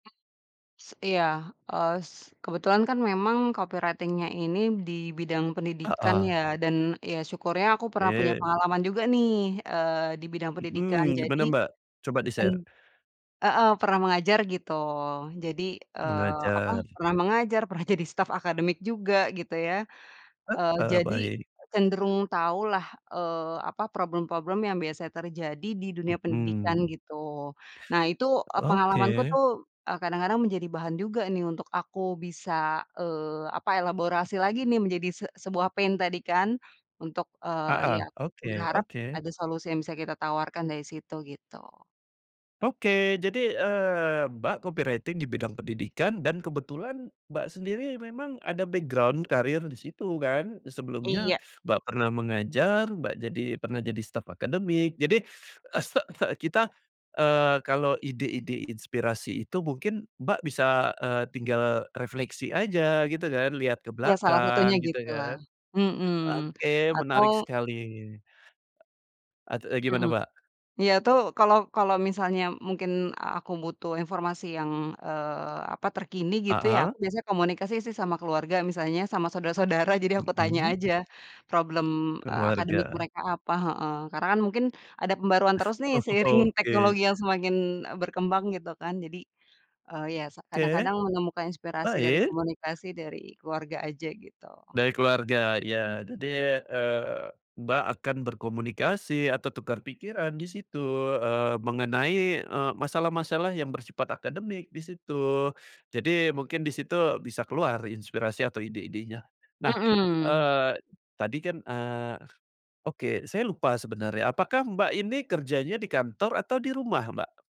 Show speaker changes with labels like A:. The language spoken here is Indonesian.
A: Mmm, s iya. Eee, s kebetulan kan memang copywriting-nya ini di bidang pendidikan
B: Heeh.
A: ya dan ya syukurnya aku pernah punya
B: Oke.
A: pengalaman juga nih, eee, di bidang pendidikan,
B: Mhm,
A: jadi,
B: gimana, Mbak? Coba
A: pen
B: di-share.
A: heeh, pernah mengajar gitu. Jadi, eee, apa,
B: Mengajar.
A: pernah mengajar, pernah jadi staf akademik juga gitu ya. Eee,
B: Heeh,
A: jadi,
B: baik.
A: cenderung tahulah, eee, apa, problem-problem yang biasa terjadi di dunia pendidikan
B: Mhm.
A: gitu. Nah itu, eee, pengalamanku
B: Oke.
A: tuh, eee, kadang-kadang menjadi bahan juga nih untuk aku bisa, eee, apa ya, elaborasi lagi nih menjadi se sebuah pain tadi kan untuk, eee, ya,
B: Heeh, oke,
A: berharap
B: oke.
A: ada solusi yang bisa kita tawarkan dari situ, gitu.
B: Oke, jadi, eee, Mbak copywriting di bidang pendidikan dan kebetulan Mbak sendiri memang ada background karir di situ kan. Sebelumnya
A: Iya.
B: Mbak pernah mengajar, Mbak jadi pernah jadi staf akademik jadi, eee, se se kita, eee, kalau ide-ide inspirasi itu mungkin Mbak bisa, eee, tinggal refleksi aja gitu kan, lihat ke
A: Ya, salah satunya
B: belakang gitu
A: gitulah.
B: kan.
A: Mhm,
B: Oke, menarik
A: atau
B: sekali. Et eee, gimana,
A: Mhm.
B: Mbak?
A: Iya tuh kalau kalau misalnya mungkin aku butuh informasi yang, eee, apa, terkini gitu ya,
B: Heeh.
A: aku biasa komunikasi sih sama keluarga misalnya sama saudara-saudara jadi aku tanya
B: Mhm.
A: aja problem, eee, akademik
B: Keluarga.
A: mereka apa. Heeh. Karena kan mungkin ada pembaruan terus nih seiring
B: Oh, oke.
A: teknologi yang semakin, eee, berkembang gitu kan jadi, eee, ya sa
B: Oke.
A: kadang-kadang menemukan inspirasi dari
B: Baik.
A: komunikasi dari keluarga aja gitu.
B: Dari keluarga, iya. Jadi, eee, Mbak, akan berkomunikasi atau tukar pikiran di situ, eee, mengenai, eee, masalah-masalah yang bersifat akademik di situ. Jadi mungkin di situ bisa keluar inspirasi atau ide-idenya. Nah,
A: Mhm.
B: eee, tadi kan eee, oke saya lupa sebenarnya, apakah Mbak ini kerjanya di kantor atau di rumah, Mbak?